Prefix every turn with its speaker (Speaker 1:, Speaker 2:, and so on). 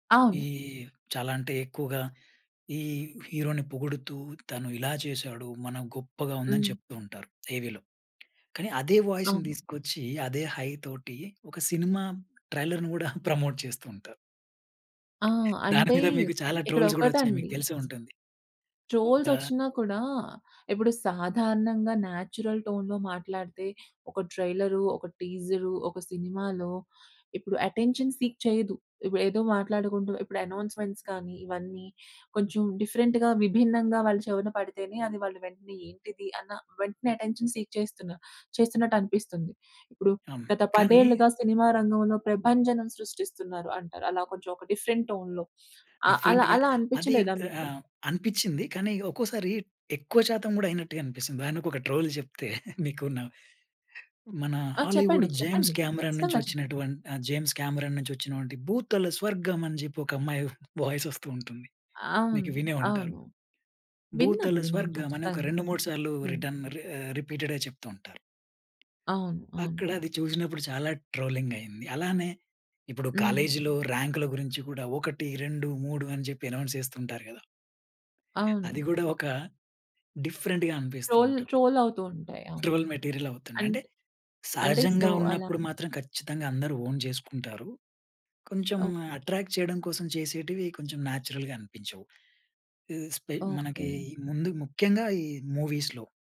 Speaker 1: ఈ
Speaker 2: అవును.
Speaker 1: చాలా అంటే ఎక్కువగా ఈ హీరో‌ని పొగుడుతూ తను ఇలా చేసాడు, మనం గొప్పగా ఉందని
Speaker 2: హ్మ్.
Speaker 1: చెప్తూ ఉంటారు. టీవీ‌లో కానీ అదే వాయిస్‌ని
Speaker 2: అవును.
Speaker 1: తీసుకొచ్చి, అదే హై తోటి ఒక సినిమా ట్రైలర్‌ని గూడా ప్రమోట్ చేస్తూ ఉంటారు.
Speaker 2: ఆ!
Speaker 1: దాని
Speaker 2: అంటే
Speaker 1: మీద మీకు చాలా
Speaker 2: ఇక్కడ
Speaker 1: ట్రోల్స్ గూడా వచ్చాయి మీకు
Speaker 2: ఒకటండి
Speaker 1: తెలిసే ఉంటుంది. ఒక
Speaker 2: ట్రోల్‌సొచ్చినా కూడా ఇప్పుడు సాధారణంగా న్యాచురల్ టోన్‌లో మాట్లాడితే ఒక ట్రైలరు, ఒక టీజరు, ఒక సినిమాలో ఇప్పుడు అటెన్షన్ సీక్ చేయదు. ఇప్ ఏదో మాట్లాడుకుంటూ ఇప్పుడు అనౌన్స్‌మెంట్స్ కానీ, ఇవన్నీ కొంచెం డిఫరెంట్‌గా విభిన్నంగా వాళ్ళ చెవున పడితేనే అది వాళ్ళు వెంటనే ఏంటిది అన్న వెంటనే అటెన్షన్ సీక్ చేస్తున్నారు చేస్తున్నట్టనిపిస్తుంది. ఇప్పుడు
Speaker 1: హ్మ్,
Speaker 2: గత
Speaker 1: కానీ
Speaker 2: 10 ఏళ్ళుగా సినిమా రంగంలో ప్రభంజనం సృష్టిస్తున్నారు అంటారు. అలా కొంచెం ఒక డిఫరెంట్ టోన్‌లో ఆహ్, అలా
Speaker 1: డిఫరెంట్‌గా
Speaker 2: అలా
Speaker 1: అది
Speaker 2: అనిపించలేదా మీకు?
Speaker 1: ఆహ్, అనిపిచ్చింది. కానీ ఒక్కోసారి ఎక్కువ శాతం గూడా అయినట్టుగా అనిపిస్తుంది. దానికొక ట్రోల్ జెప్తే, మీకు‌ న మన
Speaker 2: ఆ!
Speaker 1: హాలీవుడ్
Speaker 2: చెప్పండి.
Speaker 1: జేమ్స్
Speaker 2: చెప్పండి.
Speaker 1: కెమెరాన్ నుంచి
Speaker 2: ఖచ్చితంగా చెప్పండి.
Speaker 1: వచ్చినటువంటి జేమ్స్ కెమెరాన్ నుంచి వచ్చినవంటి భూతల స్వర్గం అని జెప్పి ఒక అమ్మాయి వాయిస్ వస్తూ ఉంటుంది.
Speaker 2: అవును.
Speaker 1: మీకు వినే ఉంటారు.
Speaker 2: అవును. విన్నాను,
Speaker 1: భూతల
Speaker 2: విన్నాను.
Speaker 1: స్వర్గం అని ఒక
Speaker 2: ఖచ్చితంగా.
Speaker 1: 2, 3 సార్లు
Speaker 2: హ్మ్.
Speaker 1: రిటర్న్ రి రిపీటెడ్‌గా చెప్తూ ఉంటారు.
Speaker 2: అవును.
Speaker 1: అక్కడ
Speaker 2: అవును.
Speaker 1: అది చూసినప్పుడు చాలా ట్రోలింగ్ అయింది. అలానే ఇప్పుడు
Speaker 2: హ్మ్.
Speaker 1: కాలేజీలో రాంక్ల గురించి కూడా 1, 2, 3 అని చెప్పి అనౌన్స్ చేస్తుంటారు గదా! అది
Speaker 2: అవును.
Speaker 1: గూడా ఒక డిఫరెంట్‌గా అనిపిస్తూ
Speaker 2: టోల్
Speaker 1: ఉంటుంది.
Speaker 2: ట్రోల్ అవుతూ ఉంటాయి. అవును.
Speaker 1: ట్రోల్ మెటీరియల్ అవుతుండే.
Speaker 2: అంటే
Speaker 1: అంటే
Speaker 2: అంటే సో,
Speaker 1: సహజంగా
Speaker 2: అలా
Speaker 1: ఉన్నప్పుడు మాత్రం ఖచ్చితంగా అందరూ ఓన్ జేసుకుంటారు. కొంచెం
Speaker 2: ఓహ్!
Speaker 1: అట్రాక్ట్ చేయడం కోసం చేసేటివి కొంచెం న్యాచురల్‌గా అనిపించవు. ఈ స్పే మనకి
Speaker 2: ఓకే.
Speaker 1: ముందు ముఖ్యంగా ఈ మూవీస్‌లో.